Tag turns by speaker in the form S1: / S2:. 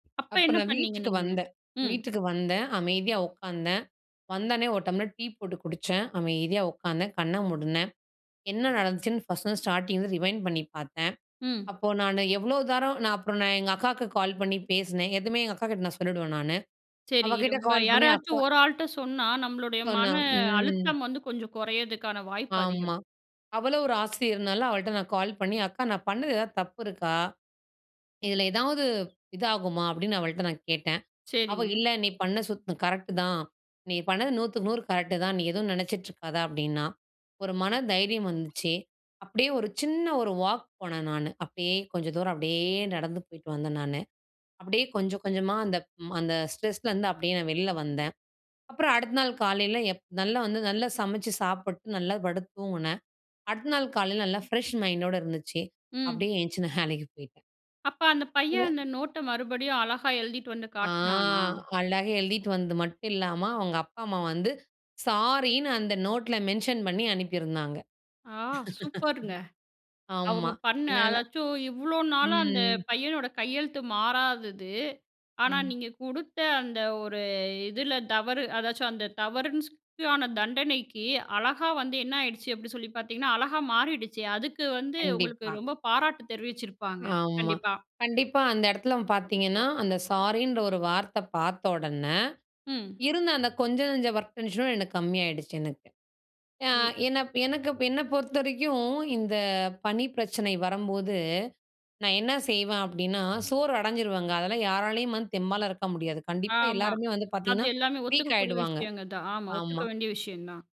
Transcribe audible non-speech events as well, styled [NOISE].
S1: அப்ப என்ன
S2: அப்பறம்
S1: பண்ணீங்க
S2: வீட்டுக்கு
S1: நீங்க?
S2: வந்தேன்
S1: ம்.
S2: வீட்டுக்கு வந்தேன். அமைதியா உட்கார்ந்தேன். வந்த உடனே ஒரு டம்ளர் டீ போட்டு குடிச்சேன். அமைதியா உட்காந்தேன். கண்ண மூடுனேன். என்ன நடந்துச்சுன்னு ஃபர்ஸ்ட்டு வந்து, ஸ்டார்ட்டிங் ரிவைண்ட் பண்ணி பாத்தேன்.
S1: ம்.
S2: அப்போ நானு எவ்ளோ தரம் நான் அப்பறம் நான் எங்க அக்காக்கு கால் பண்ணி பேசுனேன். எதுமே எங்க அக்காகிட்ட நான் சொல்லிடுவேன் நானு.
S1: சரி,
S2: அவக்கிட்ட
S1: ரொம்ப
S2: கால் பண்ணி, அக்கா
S1: யாராச்சும் ஒரு ஆள்ட்ட சொன்னா, நம்மளுடைய
S2: சொன்னா,
S1: மன
S2: ம்.
S1: அழுத்தம் வந்து, கொஞ்சம் குறையிறதுக்கான வாய்ப்பு அதிகம்.
S2: ஆமா. அவளும் ஒரு ஆசிரியர்னால அவள்ட்ட நான் கால் பண்ணி, "அக்கா! நான் பண்ணது எதாவது தப்பு இருக்கா? இதுல எதாவது இதாகுமா?", அப்டின்னு அவள்ட்ட நான் கேட்டேன். அவ,
S1: சரிங்க.
S2: "இல்ல, நீ பண்ண சுத் கரெக்ட்டு தான். நீ பண்ணது நூத்துக்கு நூறு கரெக்ட்டு தான். நீ எதுவும் நெனச்சிட்ருக்காத", அப்டின்னா. ஒரு மன தைரியம் வந்துச்சு. அப்டியே ஒரு சின்ன ஒரு வாக் போனே நானு, அப்டியே கொஞ்ச தூரம், அப்டியே நடந்து போயிட்டு வந்தேன் நானு. அப்டியே கொஞ்ச, கொஞ்சமா அந்த ப் அந்த ஸ்ட்ரெஸ்லருந்து, அப்டியே நான் வெளில வந்தேன். அப்றம் அடுத்த நாள் காலையில எப் நல்லா வந்து, நல்லா சமச்சு சாப்ட்டு, நல்லா படுத்து தூங்குனேன். அடுத்த நாள் காலையில நல்லா ஃப்ரெஷ் மைண்டோட இருந்துச்சு.
S1: ம்.
S2: அப்டியே எந்திச்சி நான் வேலைக்கு போயிட்டேன்.
S1: அப்ப, அந்த பையன் அந்த
S2: [UNINTELLIGIBLE]
S1: நோட்ட மறுபடியும் அழகா எழுதிட்டு வந்து
S2: ஆ!
S1: காட்னானா?
S2: அழகா எழுதிட்டு வந்து மட்டும் இல்லாம, அவங்க அப்பா, அம்மா வந்து, சாரின்னு அந்த நோட்ல மென்ஷன் பண்ணி அனுப்பியிருந்தாங்க.
S1: ஆ! சூப்பருங்க.
S2: [LAUGHS] ஆமா.
S1: அவுங்க பண்ண,
S2: என்னால
S1: அதாவது இவ்ளோ நாளா அந்த
S2: ம்.
S1: பையனோட கையெழுத்து மாறாதது. ஆனா
S2: ம்.
S1: நீங்க குடுத்த அந்த ஒரு, இதில தவறு, அதாவது அந்த தவறுன் சொ தண்டனைக்கு அழகா வந்து என்ன ஆயிடுச்சு, அப்டி சொல்லி பாத்தீங்கன்னா, அழகா மாறிடுச்சு. அதுக்கு வந்து
S2: கண்டிப்பா.
S1: உங்களுக்கு ரொம்ப பாராட்டு தெரிவிச்சிருப்பாங்க,
S2: ஆமா.
S1: கண்டிப்பா.
S2: கண்டிப்பா, அந்த இடத்துல பாத்தீங்கன்னா, அந்த சாரின்ற ஒரு வார்த்த பார்த்தொடன,
S1: ம்.
S2: இருந்த அந்த கொஞ்சனஞ்ச ஒர்க் டென்ஷனும் எனக்கு கம்மி ஆயிடுச்சு எனக்கு. அ
S1: ஐயோ!
S2: என்ன எனக்கு என்னப் பொறுத்தவரைக்கும் இந்த பணி பிரச்சனை வரம்போது, நான் என்ன செய்வேன் அப்டின்னா, சோர்வு அடைஞ்சிடுவாங்க அதெல்லாம் யாராலயும் வந்து தெம்பாலாம் இருக்க முடியாது. கண்டிப்பா
S1: ஆமா.
S2: எல்லாருமே வந்து,
S1: அது
S2: பாத்தீங்கன்னா
S1: எல்லாமே
S2: வீக்
S1: ஒத்துக்கக்கூடிய
S2: ஆகிடுவாங்க.
S1: விஷயங்க தான். ஆமா ஒத்துக்க
S2: ஆமா.
S1: வேண்டிய விஷயந்தான்.